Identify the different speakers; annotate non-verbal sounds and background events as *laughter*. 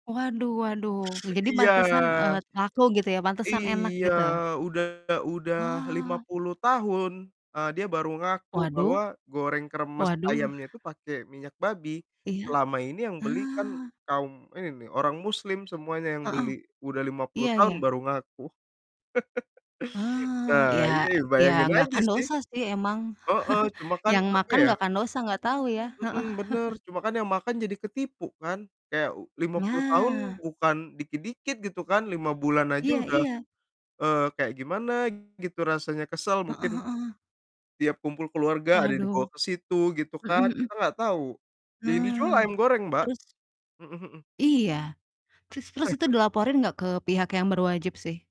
Speaker 1: Waduh waduh, ya jadi
Speaker 2: Iya.
Speaker 1: pantesan, eee, laku gitu ya, pantesan enak
Speaker 2: Iya,
Speaker 1: gitu?
Speaker 2: udah udah lima
Speaker 1: Wah.
Speaker 2: puluh tahun, eee, dia baru ngaku
Speaker 1: Waduh,
Speaker 2: bahwa goreng kremes
Speaker 1: waduh.
Speaker 2: ayamnya tuh pakai minyak babi.
Speaker 1: Iya,
Speaker 2: Selama ini yang beli kan
Speaker 1: ah.
Speaker 2: kaum ini nih, orang muslim semuanya yang
Speaker 1: Heeh,
Speaker 2: beli, udah 50
Speaker 1: iya
Speaker 2: tahun
Speaker 1: iya.
Speaker 2: baru ngaku. *laughs*
Speaker 1: Ah, iya,
Speaker 2: Nah, iya
Speaker 1: iya,
Speaker 2: bayangin
Speaker 1: gak
Speaker 2: aja
Speaker 1: kan
Speaker 2: sih.
Speaker 1: dosa sih emang,
Speaker 2: Heeh,
Speaker 1: *chuckles*
Speaker 2: cuma kan,
Speaker 1: yang
Speaker 2: apa
Speaker 1: makan
Speaker 2: ya
Speaker 1: gak kan dosa gak tahu ya?
Speaker 2: Mhm,
Speaker 1: Heeh.
Speaker 2: bener,
Speaker 1: *chuckles*
Speaker 2: cuma kan yang makan jadi ketipu kan, kayak u 50 tahun
Speaker 1: Nah.
Speaker 2: bukan dikit-dikit gitu kan, 5 bulan aja
Speaker 1: Iya
Speaker 2: udah,
Speaker 1: iya.
Speaker 2: eee, kayak gimana gitu rasanya kesel
Speaker 1: Heeh
Speaker 2: mungkin,
Speaker 1: heeh.
Speaker 2: tiap kumpul keluarga ada yang dibawa
Speaker 1: Waduh.
Speaker 2: ke situ, gitu
Speaker 1: Mhm
Speaker 2: kan,
Speaker 1: mhm.
Speaker 2: kita nggak tahu, yang dijual
Speaker 1: Nah.
Speaker 2: ayam goreng, Mbak,
Speaker 1: Terus?
Speaker 2: mhm mhm.
Speaker 1: Iya, terus terus itu
Speaker 2: *chuckles*
Speaker 1: dilaporin gak ke pihak yang berwajib sih?